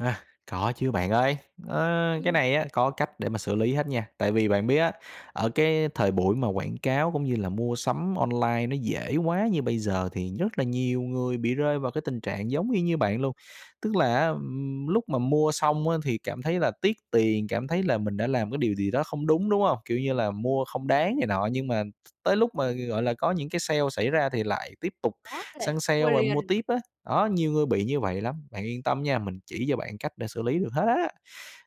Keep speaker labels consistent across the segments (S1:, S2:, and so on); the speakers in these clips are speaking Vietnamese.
S1: À, có chứ bạn ơi, ơ, cái
S2: Ừm.
S1: này á có cách để mà xử lý hết nha. Tại vì bạn biết á, ở cái thời buổi mà quảng cáo cũng như là mua sắm online nó dễ quá như bây giờ, thì rất là nhiều người bị rơi vào cái tình trạng giống y như bạn luôn. Tức là á, ừm, lúc mà mua xong á, thì cảm thấy là tiếc tiền, cảm thấy là mình đã làm cái điều gì đó không đúng, đúng hông? Kiểu như là mua không đáng này nọ, nhưng mà th tới lúc mà, gọi là, có những cái sale xảy ra thì lại tiếp tục
S2: Có nè,
S1: săn sale
S2: mua
S1: và mua
S2: liền.
S1: tiếp á. Đó, nhiều người bị như vậy lắm. Bạn yên tâm nha, mình chỉ cho bạn cách để xử lý được hết á.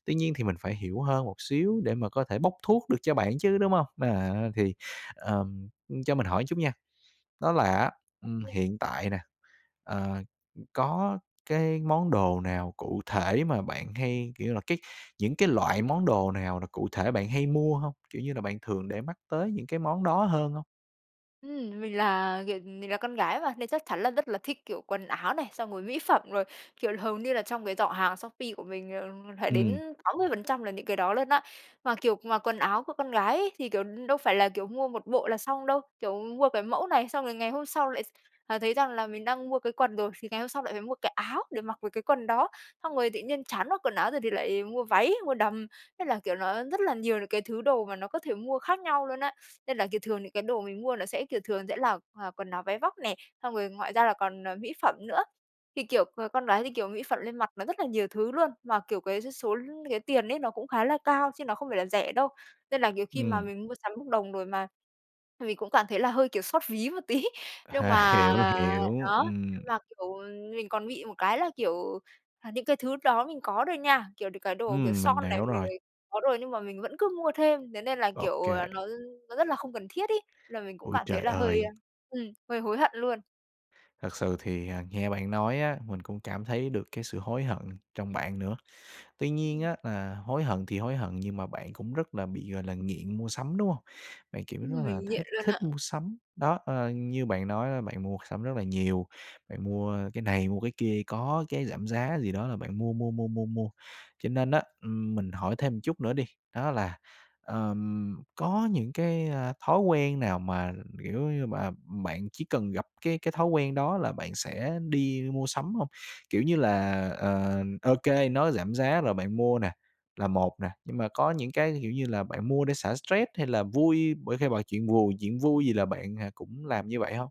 S1: Tuy nhiên thì mình phải
S2: Ừm.
S1: hiểu hơn một xíu để mà có thể bốc thuốc được cho bạn chứ, đúng hông? À, thì, ờ, cho mình hỏi chút nha. Đó là á, ừm,
S2: OK.
S1: hiện tại nè, ờ, ừm, có cái món đồ nào cụ thể mà bạn hay, kiểu như là, cái những cái loại món đồ nào là cụ thể bạn hay mua hông? Kiểu như là bạn thường để mắt tới những cái món đó hơn hông?
S2: Ừm, mình là, kiểu, mình là con gái mà. Nên chắc chắn là rất là thích, kiểu, quần áo này, xong rồi mỹ phẩm, rồi, kiểu, hầu như là trong cái giỏ hàng Shopee của mình, ờ, phải
S1: Ừm.
S2: đến 80% là những cái đó luôn á. Mà, kiểu, mà quần áo của con gái ấy, thì, kiểu, đâu phải là, kiểu, mua một bộ là xong đâu. Kiểu mua cái mẫu này xong rồi ngày hôm sau là lại, à, thấy rằng là mình đang mua cái quần rồi, thì ngày hôm sau lại phải mua cái áo để mặc với cái quần đó. Xong rồi tự nhiên chán mặc quần áo rồi thì lại mua váy, mua đầm. Thế là, kiểu, nó rất là nhiều những cái thứ đồ mà nó có thể mua khác nhau luôn á. Nên là, kiểu, thường những cái đồ mình mua nó sẽ, kiểu, thường sẽ là là quần áo váy vóc nè. Xong rồi ngoài ra là còn, ờ, mỹ phẩm nữa. Thì, kiểu, ờ, con gái thì, kiểu, mỹ phẩm lên mặt nó rất là nhiều thứ luôn. Mà, kiểu, cái số cái tiền ấy, nó cũng khá là cao chứ nó không phải là rẻ đâu. Nên là, nhiều khi mà
S1: Ừm.
S2: mình mua sắm bốc đồng rồi mà mình cũng cảm thấy là hơi, kiểu, xót ví một tí. Nhưng
S1: À,
S2: mà,
S1: hiểu,
S2: ờ
S1: hiểu,
S2: đó,
S1: ừm.
S2: nhưng mà, kiểu, mình còn bị một cái là, kiểu là, à, những cái thứ đó mình có rồi nha. Kiểu, cái đồ, kiểu,
S1: Ừm,
S2: son
S1: mình
S2: này
S1: hiểu rồi.
S2: rồi có rồi, nhưng mà mình vẫn cứ mua thêm. Thế nên là, kiểu là,
S1: OK.
S2: nó nó rất là không cần thiết ấy, là mình cũng
S1: Ôi,
S2: cảm thấy
S1: trời
S2: là hơi,
S1: ơi!
S2: a ừm, hơi hối hận luôn.
S1: Thật sự thì, à, nghe bạn nói á, mình cũng cảm thấy được cái sự hối hận trong bạn nữa. Tuy nhiên
S2: Ừm.
S1: á, là hối hận thì hối hận, nhưng mà bạn cũng rất là bị, gọi là, nghiện mua sắm, đúng hông? Bạn, kiểu là,
S2: Ừm,
S1: rất là
S2: mình nghiện
S1: thích
S2: luôn
S1: thích
S2: ạ.
S1: mua sắm. Đó, ơ, như bạn nói là bạn mua sắm rất là nhiều, bạn mua cái này, mua cái kia, có cái giảm giá gì đó là bạn mua, mua, mua, mua, mua. Cho nên á, ừm, mình hỏi thêm một chút nữa đi. Đó là, ờm, có những cái, ờ, thói quen nào mà, kiểu như mà, bạn chỉ cần gặp cái cái thói quen đó là bạn sẽ đi mua sắm hông? Kiểu như là, ờ, OK, nó giảm giá rồi bạn mua nè, là một nè. Nhưng mà có những cái, kiểu như là, bạn mua để xả stress hay là vui, bởi khi bởi chuyện buồn, chuyện vui gì là bạn, ờ, cũng làm như vậy hông?